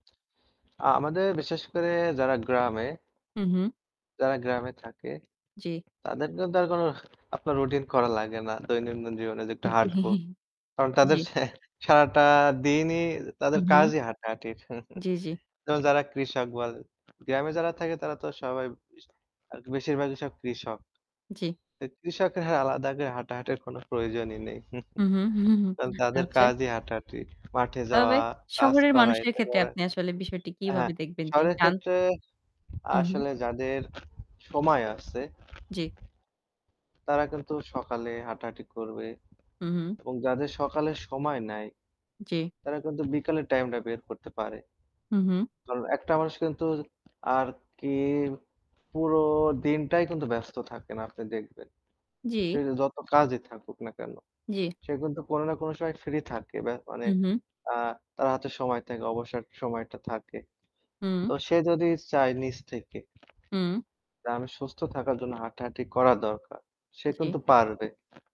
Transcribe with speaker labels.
Speaker 1: আ আমাদের বিশেষ করে যারা গ্রামে
Speaker 2: হু, হু।
Speaker 1: যারা গ্রামে থাকে,
Speaker 2: জি।
Speaker 1: তাদের কিন্তু আর কোনো আপনার রুটিন করা লাগে না। দৈনন্দিন জীবনে যে একটু
Speaker 2: জ্বী,
Speaker 1: হাঁটব। কারণ তাদের
Speaker 2: জ্বী।
Speaker 1: সেহ সারাটা দিনই
Speaker 2: হু,
Speaker 1: তাদের
Speaker 2: হু।
Speaker 1: কাজই হাঁটাহাঁটির।
Speaker 2: জ্বি, জ্বি।
Speaker 1: তো, যারা কৃষক বলেন, গ্রামে যারা থাকে তারা তো আর সবাই [unintelligible] আর কি বেশিরভাগই সব কৃষক।
Speaker 2: জ্বী।
Speaker 1: এই কৃষকের হ্যাঁ আলাদা করে হাঁটাহাঁটির কোন প্রয়োজনই নেই।
Speaker 2: হুম, হুম, হুম, হুম,
Speaker 1: কারণ তাদের
Speaker 2: আচ্ছা।
Speaker 1: কাজই হাঁটাহাটি। মাঠে
Speaker 2: তবে
Speaker 1: যাওয়া, কাজ
Speaker 2: শহরের
Speaker 1: করা,
Speaker 2: মানুষের
Speaker 1: এটা
Speaker 2: ক্ষেত্রে
Speaker 1: করে
Speaker 2: আপনি আসলে বিষয়টি
Speaker 1: হ্যাঁ।
Speaker 2: কিভাবে দেখবেন? যে
Speaker 1: শহরের
Speaker 2: জান
Speaker 1: ক্ষেত্রে
Speaker 2: হু, হু।
Speaker 1: আসলে যাদের সময় আছে।
Speaker 2: জ্বী।
Speaker 1: তারা কিন্তু সকালে হাঁটাহাঁটি করবে
Speaker 2: হু, হু।
Speaker 1: এবং যাদের সকালে সময় নাই।
Speaker 2: জি।
Speaker 1: তারা কিন্তু বিকালের টাইমটা বের করতে পারে।
Speaker 2: হু, হু।
Speaker 1: তো, একটা মানুষ কিন্তু আর কি পুরো দিনটাই কিন্তু ব্যস্ত থাকে না আপনি দেখবেন। সে
Speaker 2: জি।
Speaker 1: যে যত কাজই থাকুক না কেন।
Speaker 2: জ্বি।
Speaker 1: সে কিন্তু কোন না কোন সময় ফ্রি থাকে। ব্যা মানে
Speaker 2: হু, হু।
Speaker 1: আ তার হাতে সময় থাকে, অবসর সময়টা থাকে।
Speaker 2: হুম।
Speaker 1: তো সে যদি চায় নিজ থেকে
Speaker 2: হুম।
Speaker 1: যে, আমি সুস্থ থাকার জন্য হাঁটাহাঁটি করা দরকার। সে
Speaker 2: জ্বী।
Speaker 1: কিন্তু পারবে।